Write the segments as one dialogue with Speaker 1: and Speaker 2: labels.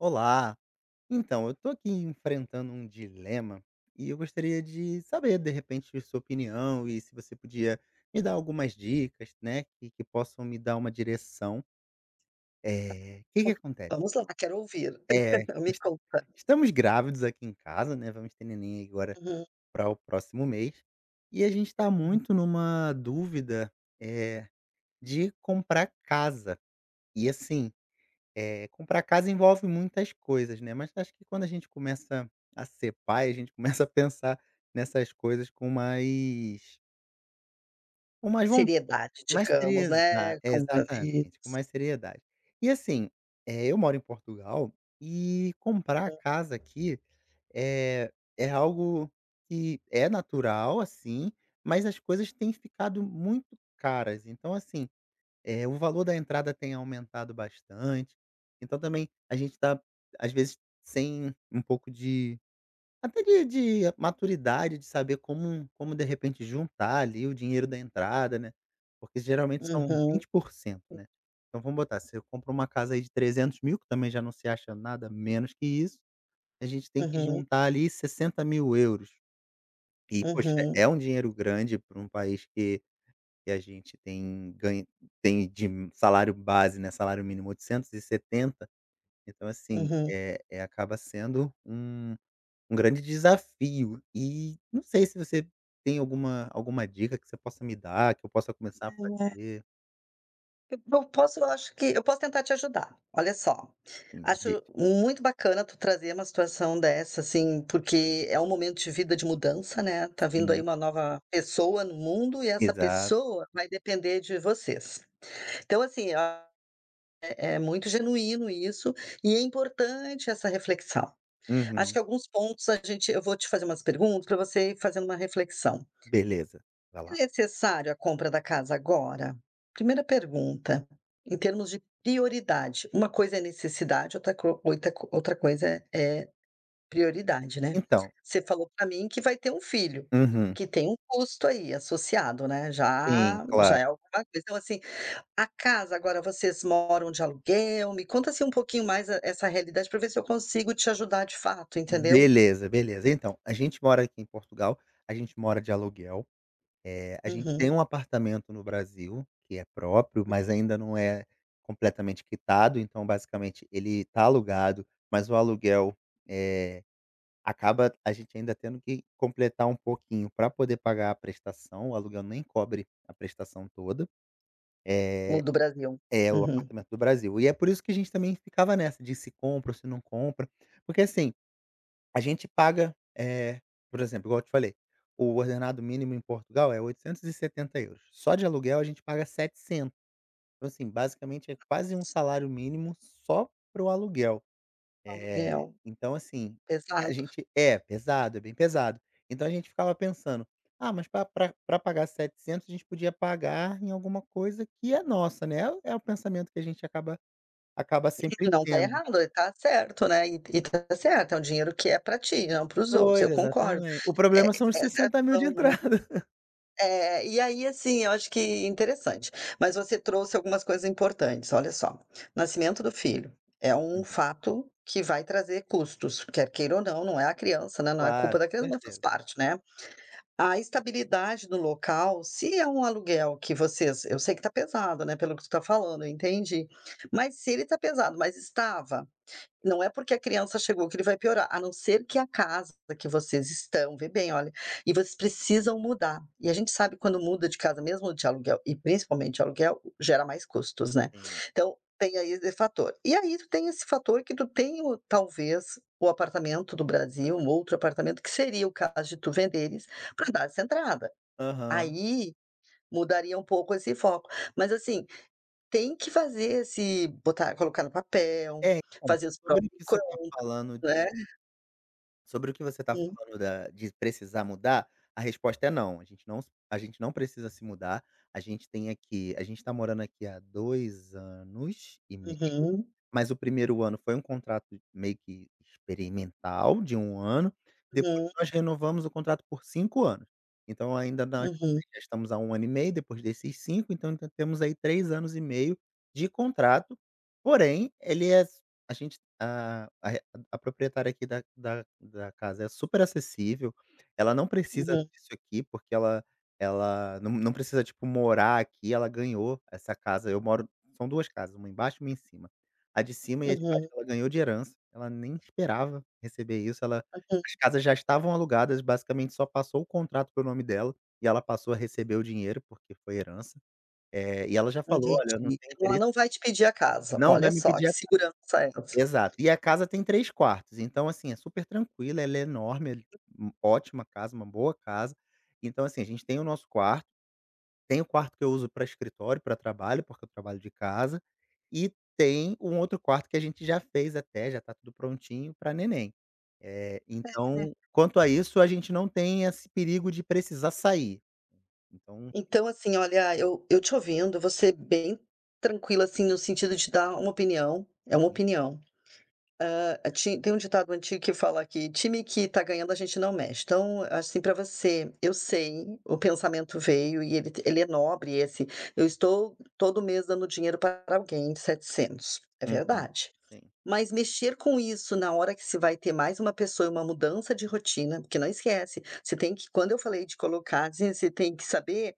Speaker 1: Olá. Então, eu tô aqui enfrentando um dilema e eu gostaria de saber, de repente, sua opinião e se você podia me dar algumas dicas, né, que que possam me dar uma direção.
Speaker 2: Tá
Speaker 1: Eh, o
Speaker 2: pode
Speaker 1: que que
Speaker 2: falar,
Speaker 1: acontece
Speaker 2: vamos lá quero ouvi-lo.
Speaker 1: É,
Speaker 2: Me
Speaker 1: es
Speaker 2: conta.
Speaker 1: estamos grávidos aqui em casa, né, vamos ter neném agora
Speaker 2: Uhum.
Speaker 1: pra o próximo mês e a gente tá
Speaker 2: Hum.
Speaker 1: muito numa dúvida, eh, de comprar casa. E assim, eh, comprar casa envolve muitas coisas, né, mas acho que quando a gente começa a ser pai, a gente começa a pensar nessas coisas com mais com mais von
Speaker 2: Seriedade,
Speaker 1: mais série
Speaker 2: digamos,
Speaker 1: Exa
Speaker 2: né?
Speaker 1: é, exatamente, com
Speaker 2: Compromisso.
Speaker 1: mais seriedade. E, assim, eh, eu moro em Portugal, e comprar
Speaker 2: Uhum.
Speaker 1: casa aqui é é algo que é natural, assim, mas as coisas têm ficado muito caras. Então, assim, eh, o valor da entrada tem aumentado bastante, então também a gente tá, às vezes, sem um pouco de até de de maturidade, de saber como como, de repente, juntar ali o dinheiro da entrada, né, porque geralmente
Speaker 2: Uhum,
Speaker 1: são vinte
Speaker 2: hum.
Speaker 1: por cento, né, então, vamos botar, você compra uma casa aí de 300.000, que também já não se acha nada menos que isso, a gente tem que
Speaker 2: Uhum.
Speaker 1: juntar ali €60.000. E, poxa,
Speaker 2: Uhum.
Speaker 1: é um dinheiro grande pra um país que que a gente tem ganho tem de salário base, né, salário mínimo, 870. Então, assim,
Speaker 2: Uhum.
Speaker 1: eh eh, acaba sendo um um grande desafio e não sei se você tem alguma alguma dica que você possa me dar, que eu possa começar a
Speaker 2: É.
Speaker 1: fazer.
Speaker 2: Eu po posso, eu acho que eu posso tentar te ajudar. Olha só,
Speaker 1: Hum, de
Speaker 2: acho muito bacana tu trazer uma situação dessa assim, porque é um momento de vida, de mudança, né tá vindo aí
Speaker 1: Sim.
Speaker 2: uma nova pessoa no mundo e essa
Speaker 1: Exato.
Speaker 2: pessoa vai depender de vocês. Então, assim, a é é muito genuíno isso e é importante essa reflexão. Acho
Speaker 1: Uhum.
Speaker 2: que alguns pontos a gente eu vou te fazer umas perguntas pra você ir fazendo uma reflexão.
Speaker 1: Beleza, vai
Speaker 2: É
Speaker 1: lá.
Speaker 2: necessário a compra da casa agora? 1ª pergunta, em termos de prioridade. Uma coisa é necessidade, outra co oitra co outra coisa é é prioridade, né.
Speaker 1: Então.
Speaker 2: Você falou pra mim que vai ter um filho,
Speaker 1: Uhum.
Speaker 2: que tem um custo aí associado, né,
Speaker 1: Sim,
Speaker 2: já já
Speaker 1: claro.
Speaker 2: é alguma coisa. Então, assim, a casa agora vocês moram de aluguel, me conta assim um pouquinho mais essa realidade pra ver se eu consigo te ajudar de fato, entendeu?
Speaker 1: Beleza, beleza. Então, a gente mora aqui em Portugal, a gente mora de aluguel, eh, a gente tem
Speaker 2: Uhum.
Speaker 1: um apartamento no Brasil que é próprio, mas ainda não é completamente quitado, então, basicamente, ele tá alugado, mas o aluguel, eh, acaba a gente ainda tendo que completar um pouquinho pra poder pagar a prestação, o aluguel nem cobre a prestação toda. Eh,
Speaker 2: O do Brasil.
Speaker 1: é o
Speaker 2: Uhum.
Speaker 1: apartamento do Brasil. E é por isso que a gente também ficava nessa de se compra ou se não compra, porque, assim, a gente paga, eh, por exemplo, igual eu te falei, o ordenado mínimo em Portugal é €870. Só de aluguel, a gente paga 700. Então, assim, basicamente, é quase um salário mínimo só pro aluguel,
Speaker 2: O
Speaker 1: eh,
Speaker 2: aluguel.
Speaker 1: então, assim, a
Speaker 2: Pesado.
Speaker 1: gente É, pesado, é bem pesado. Então, a gente ficava pensando: “Ah, mas pra pra pra pagar 700, a gente podia pagar em alguma coisa que é nossa, né?” É o é o pensamento que a gente acaba acaba sempre
Speaker 2: E não tá
Speaker 1: tendo.
Speaker 2: errado, tá certo, né? E e tá certo, é um dinheiro que é pra ti, não para os outros. Eu
Speaker 1: Pois,
Speaker 2: concordo.
Speaker 1: exatamente. O
Speaker 2: É,
Speaker 1: problema são os
Speaker 2: essa é a
Speaker 1: 60.000 de
Speaker 2: visão, né?
Speaker 1: entrada.
Speaker 2: É, e aí, assim, eu acho que interessante, mas você trouxe algumas coisas importantes. Olha só, nascimento do filho é um
Speaker 1: Uhum.
Speaker 2: fato que vai trazer custos, quer queira ou não. Não é a criança, né, não é culpa
Speaker 1: Claro,
Speaker 2: da
Speaker 1: com
Speaker 2: criança, mas faz
Speaker 1: certeza.
Speaker 2: parte, né. A estabilidade do local, se é um aluguel que vocês Eu sei que tá pesado, né, pelo que tu tá falando, eu entendi, mas, se ele tá pesado, mas estava, não é porque a criança chegou que ele vai piorar, a não ser que a casa que vocês estão, vê bem, olha, e vocês precisam mudar. E a gente sabe, quando muda de casa, mesmo de aluguel, e principalmente de aluguel, gera mais custos, né?
Speaker 1: Sim.
Speaker 2: Então, tem aí esse fator. E aí tu tem esse fator que tu tem o, talvez, o apartamento do Brasil, um outro apartamento, que seria o caso de tu venderes pra dar essa entrada.
Speaker 1: Aham.
Speaker 2: Aí mudaria um pouco esse foco. Mas, assim, tem que fazer esse botar colocar no papel,
Speaker 1: É, então,
Speaker 2: fazer os prós
Speaker 1: sobre o
Speaker 2: e
Speaker 1: que você
Speaker 2: contras,
Speaker 1: tá falando de
Speaker 2: né.
Speaker 1: sobre o que você tá
Speaker 2: Sim.
Speaker 1: falando da de precisar mudar, a resposta é "não", a gente não s a gente não precisa se mudar. A gente tem aqui a gente tá morando aqui há 2 anos e meio,
Speaker 2: Uhum.
Speaker 1: mas o 1º ano foi um contrato meio que experimental de 1 ano. Depois
Speaker 2: Uhum.
Speaker 1: nós renovamos o contrato por 5 anos. Então, ainda n ainda
Speaker 2: Uhum.
Speaker 1: estamos há 1 ano e meio, depois desses 5, então temos aí 3 anos e meio de contrato, porém, ele é s a gente, hã, a proprietária aqui da da da casa é superacessível, ela não precisa
Speaker 2: Uhum.
Speaker 1: disso aqui, porque ela ela não não precisa, tipo, morar aqui, ela ganhou essa casa. Eu moro são 2 casas, 1 embaixo e 1 em cima. A de cima e a de baixo
Speaker 2: Uhum.
Speaker 1: ela ganhou de herança, ela nem esperava receber isso, ela
Speaker 2: Aham.
Speaker 1: as casas já estavam alugadas, basicamente só passou o contrato para o nome dela e ela passou a receber o dinheiro, porque foi herança, eh, e ela já falou:
Speaker 2: Entendi.
Speaker 1: “Olha, eu não tenho
Speaker 2: Então ela
Speaker 1: interesse.”
Speaker 2: não vai te pedir a casa.
Speaker 1: não vai
Speaker 2: Olha
Speaker 1: me
Speaker 2: só,
Speaker 1: pedir
Speaker 2: que
Speaker 1: a casa.
Speaker 2: segurança essa.
Speaker 1: Exato. E a casa tem 3 quartos, então, assim, é supertranquila, ela é enorme, é ótima casa, uma boa casa. Então, assim, a gente tem o nosso quarto, tem o quarto que eu uso pra escritório, pra trabalho, porque eu trabalho de casa e tem um outro quarto que a gente já fez até, já tá tudo prontinho, pra neném. Eh, então,
Speaker 2: [unintelligible]
Speaker 1: quanto a isso, a gente não tem esse perigo de precisar sair. Então
Speaker 2: Então, assim, olha, eu eu te ouvindo, vou ser bem tranquila, assim, no sentido de te dar uma opinião. É uma
Speaker 1: Hum.
Speaker 2: opinião. Hã, a ti tem um ditado antigo que fala que: "Time que tá ganhando a gente não mexe". Então, assim, pra você, eu sei, o pensamento veio e ele t ele é nobre, esse: “Eu estou todo mês dando dinheiro pra alguém 700". É
Speaker 1: Uhum.
Speaker 2: verdade.
Speaker 1: Sim.
Speaker 2: Mas mexer com isso na hora que você vai ter mais uma pessoa e uma mudança de rotina, porque não esquece, você tem que quando eu falei de colocar, assim, você tem que saber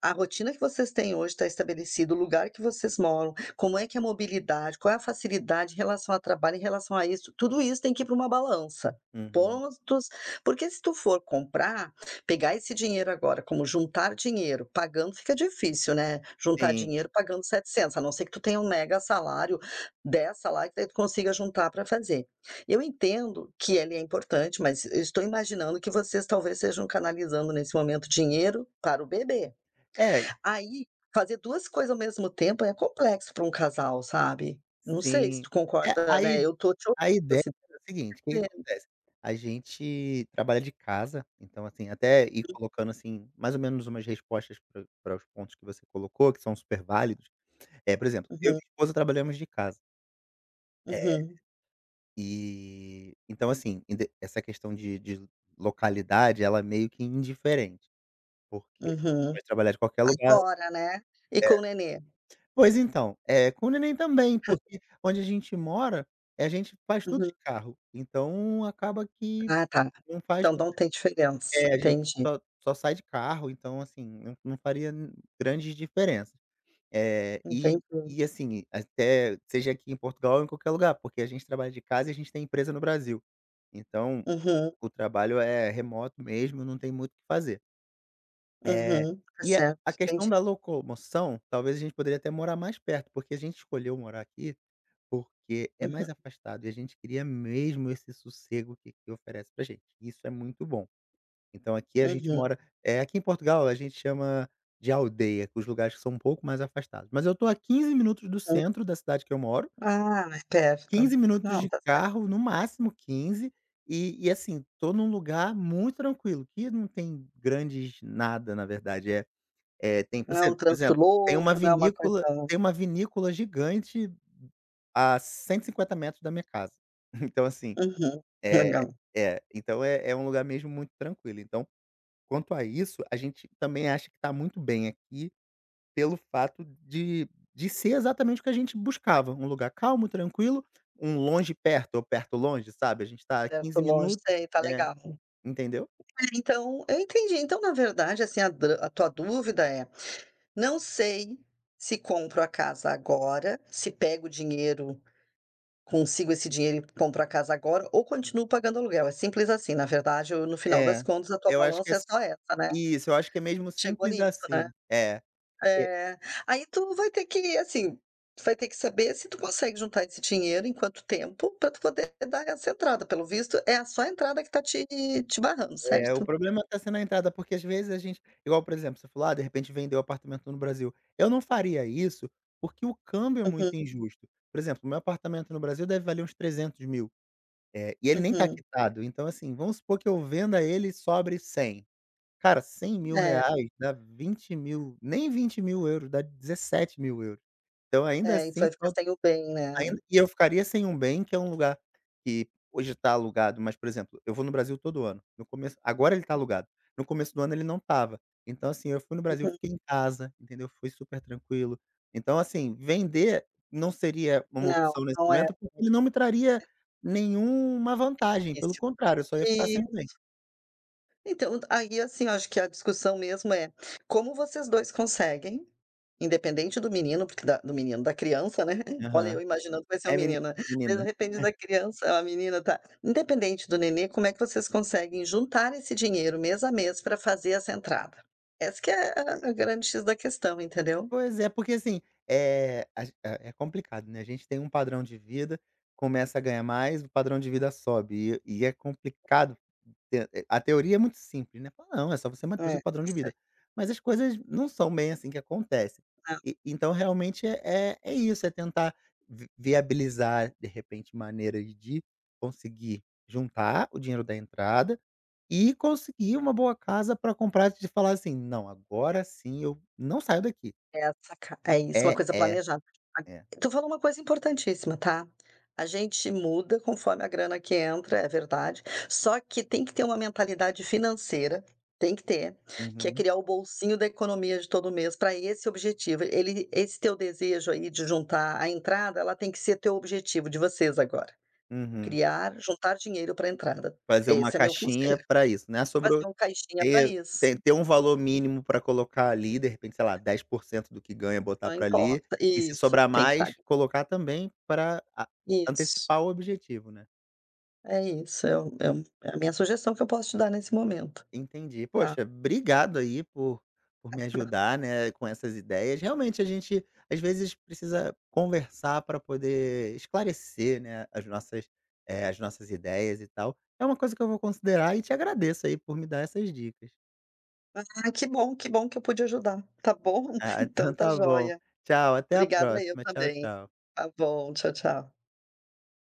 Speaker 2: a rotina que vocês têm hoje tá estabelecido, o lugar que vocês moram, como é que é a mobilidade, qual é a facilidade em relação a trabalho, em relação a isso. Tudo isso tem que ir pra uma balança.
Speaker 1: Uhum.
Speaker 2: Pontos porque, se tu for comprar, pegar esse dinheiro agora, como juntar dinheiro, pagando fica difícil, né, juntar
Speaker 1: Sim.
Speaker 2: dinheiro pagando 700, a não ser que tu tenha um mega salário, 10 salários, que daí tu consiga juntar pra fazer. Eu entendo que ele é importante, mas eu estou imaginando que vocês talvez estejam canalizando, nesse momento, dinheiro para o bebê.
Speaker 1: É
Speaker 2: Aí, fazer 2 coisa ao mesmo tempo é complexo pra um casal, sabe. Não sei se
Speaker 1: Sim.
Speaker 2: tu
Speaker 1: É,
Speaker 2: concorda,
Speaker 1: a i
Speaker 2: né. Eu tô te
Speaker 1: a
Speaker 2: ouvindo,
Speaker 1: ideia
Speaker 2: assim,.
Speaker 1: era o seguinte, o que que
Speaker 2: [unintelligible]
Speaker 1: acontece? A gente trabalha de casa, então, assim, até ir colocando assim mais ou menos umas respostas pra pra os pontos que você colocou, que são super válidos, eh, por exemplo, eu e
Speaker 2: Uhum.
Speaker 1: minha esposa trabalhamos de casa. É,
Speaker 2: Uhum.
Speaker 1: e então, assim, inde essa questão de de localidade, ela é meio que indiferente, porque
Speaker 2: Uhum.
Speaker 1: pode trabalhar de qualquer lugar É.
Speaker 2: Agora, né? E com o nenê?
Speaker 1: Pois então, é, com o neném também,
Speaker 2: Hum.
Speaker 1: porque onde a gente mora, eh, a gente faz tudo
Speaker 2: Uhum.
Speaker 1: de carro, então, acaba que
Speaker 2: Ah, tá.
Speaker 1: não faz
Speaker 2: Então,
Speaker 1: tanta
Speaker 2: não tem diferença.
Speaker 1: É, a gente
Speaker 2: Entendi.
Speaker 1: só só sai de carro, então, assim, não não faria, hum, grande diferença. É, e
Speaker 2: Entendi.
Speaker 1: e, assim, até seja aqui em Portugal ou em qualquer lugar, porque a gente trabalha de casa e a gente tem empresa no Brasil. Então,
Speaker 2: Uhum.
Speaker 1: o trabalho é remoto mesmo, não tem muito o que fazer. Eh,
Speaker 2: Uhum. Tá
Speaker 1: e a
Speaker 2: certo,
Speaker 1: a
Speaker 2: entendi.
Speaker 1: questão da locomoção, talvez a gente poderia até morar mais perto, porque a gente escolheu morar aqui, porque é
Speaker 2: Uhum.
Speaker 1: mais afastado e a gente queria mesmo esse sossego que aqui oferece pra gente, isso é muito bom. Então, aqui a gente
Speaker 2: Uhum.
Speaker 1: mora eh, aqui em Portugal a gente chama de aldeia, os lugares que são um pouco mais afastados, mas eu tô a 15 minutos do
Speaker 2: Hum.
Speaker 1: centro da cidade que eu moro
Speaker 2: Ah, é
Speaker 1: 15
Speaker 2: perto.
Speaker 1: minutos
Speaker 2: Não,
Speaker 1: de
Speaker 2: tá certo.
Speaker 1: carro, no máximo 15, e e, assim, tô num lugar muito tranquilo, que não tem grandes nada, na verdade. É é, tem,
Speaker 2: Não é um
Speaker 1: [unintelligible] por
Speaker 2: trânsito
Speaker 1: exemplo, tem
Speaker 2: louco,
Speaker 1: uma
Speaker 2: não é uma coisa
Speaker 1: vinícola tem uma vinícola gigante a 150 metros da minha casa. Então, assim
Speaker 2: Uhum.
Speaker 1: É
Speaker 2: Legal.
Speaker 1: é, então é é um lugar mesmo muito tranquilo. Então, quanto a isso, a gente também acha que tá muito bem aqui pelo fato de de ser exatamente o que a gente buscava, um lugar calmo, tranquilo, um longe perto ou perto longe, sabe? A gente tá a
Speaker 2: Perto
Speaker 1: 15 15
Speaker 2: longe,
Speaker 1: minu
Speaker 2: sei, tá
Speaker 1: É,
Speaker 2: legal.
Speaker 1: entendeu?
Speaker 2: É, então, eu entendi. Então, na verdade, assim, a dra a tua dúvida é: "Não sei se compro a casa agora, se pego o dinheiro consigo esse dinheiro e compro a casa agora ou continuo pagando aluguel". É simples, assim, na verdade ou no final das
Speaker 1: É,
Speaker 2: contas, a tua
Speaker 1: eu acho que é
Speaker 2: balança é
Speaker 1: s
Speaker 2: só essa, né?
Speaker 1: Isso, eu acho que é mesmo
Speaker 2: Chegou
Speaker 1: simples
Speaker 2: nisso, né?
Speaker 1: assim. É, que
Speaker 2: É, aí, tu vai ter que assim, vai ter que saber se tu consegue juntar esse dinheiro, em quanto tempo, pra tu poder dar essa entrada. Pelo visto, é a só a entrada que tá te te barrando,
Speaker 1: É, o
Speaker 2: certo?
Speaker 1: problema tá sendo a entrada, porque às vezes a gente igual por exemplo, você falou: "Ah, de repente vender o apartamento no Brasil". Eu não faria isso, porque o câmbio é
Speaker 2: Uhum.
Speaker 1: muito injusto. Por exemplo, o meu apartamento no Brasil deve valer uns R$ 300, eh, e ele nem tá
Speaker 2: Uhum.
Speaker 1: quitado. Então, assim, vamos supor que eu venda ele e sobre R$ 100. Cara, cem mil
Speaker 2: É.
Speaker 1: reais dá 20.000, nem 20.000 €, dá 17.000 € Então, ainda,
Speaker 2: É, e
Speaker 1: assim
Speaker 2: vai ficar
Speaker 1: fal
Speaker 2: sem o bem, né?
Speaker 1: ainda e eu ficaria sem um bem, que é um lugar que hoje tá alugado, mas por exemplo, eu vou no Brasil todo ano. No começo agora ele tá
Speaker 2: Uhum.
Speaker 1: alugado. No começo do ano ele não estava. Então, assim, eu fui no Brasil,
Speaker 2: Uhum.
Speaker 1: fiquei em casa, entendeu. Foi super tranquilo. Então assim, vender não seria uma
Speaker 2: Não,
Speaker 1: opção nesse
Speaker 2: não é.
Speaker 1: momento,
Speaker 2: É.
Speaker 1: porque ele não me traria nenhuma vantagem, pelo
Speaker 2: Difícil.
Speaker 1: contrário, eu só ia ficar sem
Speaker 2: Isso.
Speaker 1: o bem.
Speaker 2: Então, aí, assim, eu acho que a discussão mesmo é, como vocês dois conseguem? Independente do menino, porque da do menino da criança, né? Olha
Speaker 1: Aham.
Speaker 2: eu imaginando que vai ser um
Speaker 1: É meni
Speaker 2: menino.
Speaker 1: menina.
Speaker 2: De repente,
Speaker 1: [unintelligible]
Speaker 2: da criança é uma menina, tá. Independente do nenê, como é que vocês conseguem juntar esse dinheiro mês a mês pra fazer essa entrada. Essa que é a a grande "X" da questão, entendeu?
Speaker 1: Pois é, porque, assim, eh, a gen é complicado, né. A gente tem um padrão de vida, começa a ganhar mais, o padrão de vida sobe e é e é complicado [unintelligible] a teoria é muito simples, né: "Fala não, é só você manter o
Speaker 2: É,
Speaker 1: seu padrão
Speaker 2: tá
Speaker 1: de
Speaker 2: certo.
Speaker 1: vida". Mas as coisas não são bem, assim, que acontece.
Speaker 2: É.
Speaker 1: E, então, realmente é-é, isso, é tentar vi viabilizar, de repente, maneiras de conseguir juntar o dinheiro da entrada e conseguir uma boa casa pra comprar e de falar, assim: "Não, agora sim eu não saio daqui".
Speaker 2: É essa a cas é isso, uma
Speaker 1: É,
Speaker 2: coisa
Speaker 1: é.
Speaker 2: planejada. [unintelligible]
Speaker 1: É.
Speaker 2: Tu falou uma coisa importantíssima, tá. A gente muda conforme a grana que entra, é verdade. Só que tem que ter uma mentalidade financeira, tem que ter. Que é
Speaker 1: Uhum.
Speaker 2: criar o bolsinho da economia de todo mês pra esse objetivo. Ele esse teu desejo, aí, de juntar a entrada, ela tem que ser teu objetivo, de vocês agora.
Speaker 1: Uhum.
Speaker 2: Criar juntar dinheiro pra entrada.
Speaker 1: Fazer uma
Speaker 2: Esse é meu
Speaker 1: caixinha
Speaker 2: conselho.
Speaker 1: pra isso, né, sobrou
Speaker 2: Fazer um caixinha pra
Speaker 1: ter
Speaker 2: isso.
Speaker 1: ter ter um valor mínimo pra colocar, ali, de repente, sei lá, 10% do que ganha, botar
Speaker 2: Não
Speaker 1: pra, ali,
Speaker 2: importa
Speaker 1: e se
Speaker 2: Isso,
Speaker 1: sobrar
Speaker 2: tem que tá,
Speaker 1: mais,
Speaker 2: ali.
Speaker 1: colocar também pra a
Speaker 2: Isso.
Speaker 1: antecipar o objetivo, né?
Speaker 2: É isso, é o é o é a minha sugestão que eu posso te dar nesse momento,
Speaker 1: Entendi.
Speaker 2: tá.
Speaker 1: Poxa, obrigado, aí, por por me
Speaker 2: [unintelligible]
Speaker 1: ajudar, né, com essas ideias. Realmente, a gente às vezes precisa conversar pra poder esclarecer, né, as nossas eh, as nossas ideias, e tal. É uma coisa que eu vou considerar e te agradeço aí por me dar essas dicas.
Speaker 2: Ah, que bom, que bom que eu pude ajudar. Tá
Speaker 1: Hum,
Speaker 2: bom.
Speaker 1: ah,
Speaker 2: Então
Speaker 1: então,
Speaker 2: tá
Speaker 1: tá bom.
Speaker 2: joia.
Speaker 1: Tchau, até a
Speaker 2: Obrigada eu
Speaker 1: próxima. Tchau,
Speaker 2: também.
Speaker 1: tchau.
Speaker 2: Tá bom, tchau, tchau.